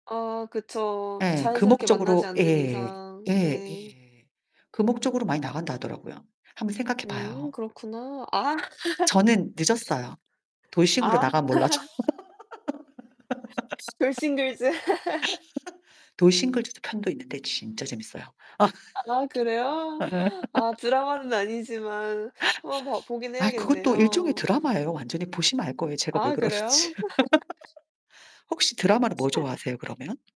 아 그쵸. 예, 그 자연스럽게 만나지 목적으로 않는 예 이상 예 네. 예. 그 목적으로 많이 나간다 하더라고요. 한번 생각해 음 봐요. 그렇구나 아. 저는 늦었어요. 돌싱으로 아. 나가면 몰라도. 돌싱글즈. 돌싱글즈도 편도 있는데 진짜 재밌어요. 아 그래요? 아 드라마는 아니지만 한번 봐 보긴 아 그것도 일종의 해야겠네요. 드라마예요. 완전히 보시면 알 거예요. 제가 왜 아 그러는지. 그래요? 혹시 드라마는 뭐 좋아하세요 그러면?